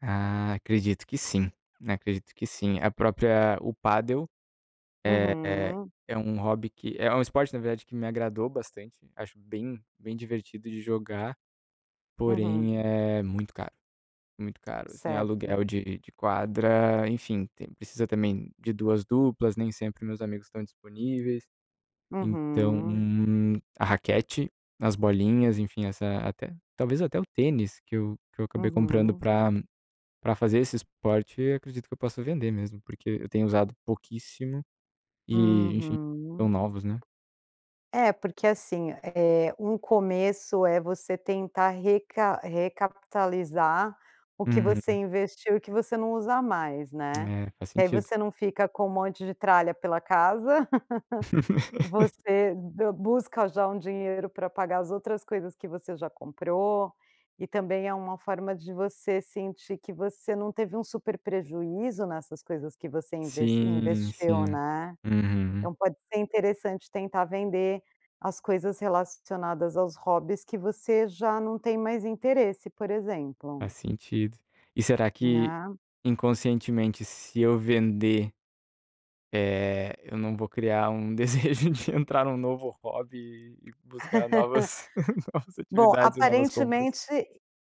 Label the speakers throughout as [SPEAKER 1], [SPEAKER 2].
[SPEAKER 1] Ah, acredito que sim, acredito que sim, a própria o padel, é é
[SPEAKER 2] Uhum.
[SPEAKER 1] é um hobby que é um esporte na verdade que me agradou bastante. Acho bem bem divertido de jogar.
[SPEAKER 2] Uhum.
[SPEAKER 1] Porém é muito caro, muito caro, assim, aluguel
[SPEAKER 2] Certo.
[SPEAKER 1] de de quadra, enfim, tem precisa também de 2 duplas, nem sempre meus amigos estão disponíveis. Então
[SPEAKER 2] Uhum.
[SPEAKER 1] a raquete, as bolinhas, enfim, essa até talvez, até o tênis que eu que eu acabei comprando
[SPEAKER 2] Uhum.
[SPEAKER 1] pra pra fazer esse esporte, acredito que eu possa vender mesmo, porque eu tenho usado pouquíssimo, e, enfim, tão
[SPEAKER 2] Uhum.
[SPEAKER 1] novos, né.
[SPEAKER 2] É, porque, assim, eh, um começo, é você tentar recap recapitalizar o que você
[SPEAKER 1] Uhum.
[SPEAKER 2] investiu e o que você não usa mais, né.
[SPEAKER 1] É, faz
[SPEAKER 2] Que aí
[SPEAKER 1] sentido.
[SPEAKER 2] você não fica com um monte de tralha pela casa. Você d busca já um dinheiro para pagar as outras coisas que você já comprou e, também, é uma forma de você sentir que você não teve um super prejuízo nessas coisas que você, inve
[SPEAKER 1] Sim, sim,
[SPEAKER 2] investiu, né.
[SPEAKER 1] uhum.
[SPEAKER 2] Então pode ser interessante tentar vender as coisas relacionadas aos hobbies que você já não tem mais interesse, por exemplo.
[SPEAKER 1] Faz sentido. E será que,
[SPEAKER 2] Né.
[SPEAKER 1] inconscientemente, se eu vender, eh, eu não vou criar um desejo de entrar em um novo hobby e buscar novas novas
[SPEAKER 2] Bom,
[SPEAKER 1] atividades e novas compras?
[SPEAKER 2] aparentemente,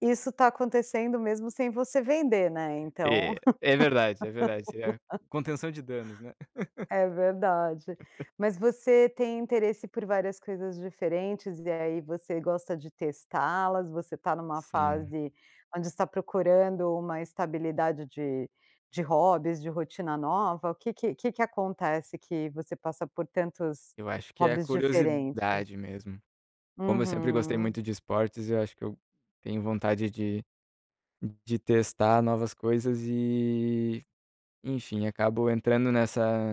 [SPEAKER 2] isso está acontecendo mesmo sem você vender, né, então.
[SPEAKER 1] É, é verdade, é verdade, eh, contenção de danos, né.
[SPEAKER 2] É verdade. Mas você tem interesse por várias coisas diferentes, e aí você gosta de testá-las? Você está em uma
[SPEAKER 1] Sim.
[SPEAKER 2] fase onde está procurando uma estabilidade de de hobbies, de rotina nova, o que que que que acontece que você passa por tantos
[SPEAKER 1] Eu acho que é
[SPEAKER 2] hobbies diferentes?
[SPEAKER 1] curiosidade mesmo. Como eu sempre gostei
[SPEAKER 2] Uhum.
[SPEAKER 1] muito de esportes, eu acho que eu tenho vontade de de testar novas coisas e, enfim, acabo entrando nessa